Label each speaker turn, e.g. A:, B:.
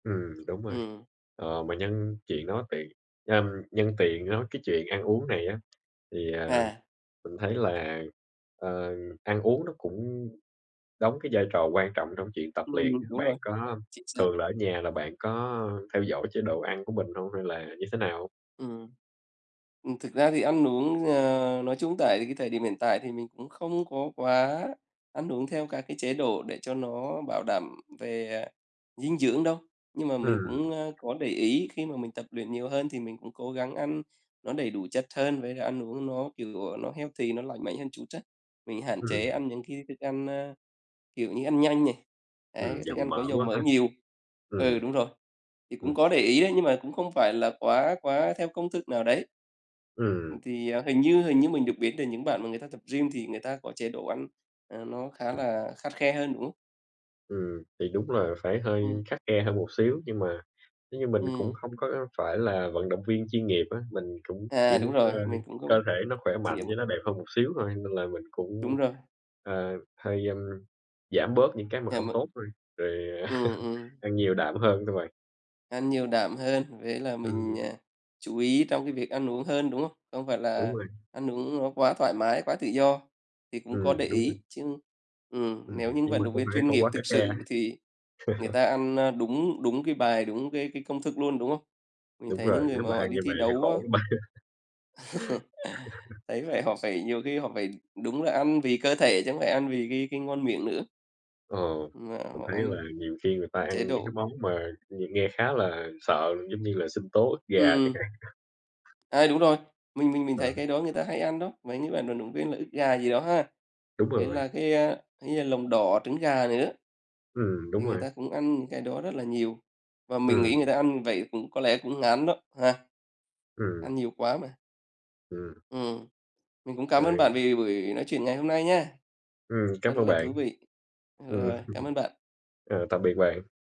A: Ừm, đúng rồi!
B: Ừm.
A: Ờ, mà nhân chuyện nó tì ờm, nhân tiện nói cái chuyện ăn uống này á, thì, à,
B: À.
A: mình thấy là, ờ, ăn uống nó cũng đóng cái vai trò quan trọng trong chuyện tập
B: Ừm,
A: luyện á.
B: đúng
A: Bạn
B: rồi,
A: có
B: chính xác.
A: thường là ở nhà là bạn có, ờ, theo dõi chế độ ăn của mình hông hay là như thế nào?
B: Ừm. Ừm, thực ra thì ăn uống, ờ, nói chung tại cái thời điểm hiện tại thì mình cũng không có quá ăn uống theo các cái chế độ để cho nó bảo đảm về, à, dinh dưỡng đâu. Nhưng mà mình
A: Ừm.
B: cũng, ơ, có để ý khi mà mình tập luyện nhiều hơn thì mình cũng cố gắng ăn nó đầy đủ chất hơn, với cả ăn uống nó kiểu, ờ, nó healthy, nó lành mạnh hơn chút á. Mình hạn chế
A: Ừm.
B: ăn những cái thức ăn, ơ, kiểu như ăn nhanh này,
A: Ừm,
B: đấy, thức
A: dầu
B: ăn
A: mỡ
B: có dầu
A: quá
B: mỡ
A: ha.
B: nhiều. Ừ,
A: Ừm.
B: đúng rồi. Thì
A: Ừm.
B: cũng có để ý đấy, nhưng mà cũng không phải là quá quá theo công thức nào đấy. Ừm,
A: Ừm.
B: thì hình như hình như mình được biết là những bạn mà người ta tập gym thì người ta có chế độ ăn, ờ, nó khá là khắt khe hơn, đúng không?
A: Ừm. Thì đúng là phải hơi
B: Ừm.
A: khắt khe hơn một xíu. Nhưng mà nếu như mình cũng
B: Ừm.
A: không có, ơ, phải là vận động viên chuyên nghiệp á, mình cũng chỉ
B: À,
A: muốn,
B: đúng rồi,
A: ơ,
B: mình cũng
A: cơ thể nó khỏe
B: chỉ là
A: mạnh
B: một
A: với nó đẹp hơn một xíu thôi. Nên là mình cũng,
B: Đúng rồi.
A: ờ, hơi, ơm, giảm bớt những cái mà
B: À,
A: không
B: m
A: tốt thôi, rồi
B: Ừm, ừm.
A: ăn nhiều đạm hơn thôi bạn.
B: Ăn nhiều đạm hơn, với là mình,
A: Ừm.
B: à, chú ý trong cái việc ăn uống hơn, đúng không? Không phải
A: Đúng
B: là
A: rồi.
B: ăn uống nó quá thoải mái, quá tự do thì cũng có để
A: Ừm, đúng rồi.
B: ý. Chứ ừm,
A: Ừm,
B: nếu
A: ừm,
B: những
A: nhưng
B: vận
A: mà
B: động
A: cũng
B: viên
A: phải
B: chuyên
A: không
B: nghiệp
A: quá
B: thực
A: khắt khe.
B: sự thì người ta ăn, ơ, đúng đúng cái bài, đúng cái cái công thức luôn, đúng hông? Mình
A: Đúng
B: thấy những
A: rồi,
B: người
A: nếu
B: mà
A: mà
B: họ
A: ăn
B: đi
A: như
B: thi
A: vậy thì
B: đấu á
A: khổ lắm bạn.
B: Thấy có vẻ vậy họ phải nhiều khi họ phải đúng là ăn vì cơ thể, chứ không phải ăn vì cái cái ngon miệng nữa.
A: Ờ,
B: Mà
A: mình
B: họ
A: thấy
B: ăn
A: là nhiều khi người ta
B: chế
A: ăn những cái
B: độ.
A: món mà nghe nghe khá là sợ, giống như là sinh tố ức gà chẳng
B: Ừm.
A: hạn.
B: À, đúng rồi, mình mình mình
A: Ờ.
B: thấy cái đó người ta hay ăn đó, mấy cái bạn vận động viên là ức gà gì đó ha.
A: Đúng
B: Với
A: rồi bạn.
B: là cái, a, hay là lòng đỏ trứng gà này nữa.
A: Ừm, đúng
B: Thì người
A: rồi.
B: ta cũng ăn những cái đó rất là nhiều, và mình nghĩ
A: Ừm.
B: người ta ăn như vậy cũng có lẽ cũng ngán đó, ha.
A: Ừm.
B: Ăn nhiều quá mà.
A: Ừm.
B: Ừm. Mình cũng cảm ơn
A: Ừ.
B: bạn vì buổi nói chuyện ngày hôm nay nha.
A: Ừm,
B: Rất
A: cám ơn
B: là
A: bạn.
B: thú vị. Ờ,
A: Ừm.
B: rồi, cảm ơn bạn.
A: Ờ, tạm biệt bạn.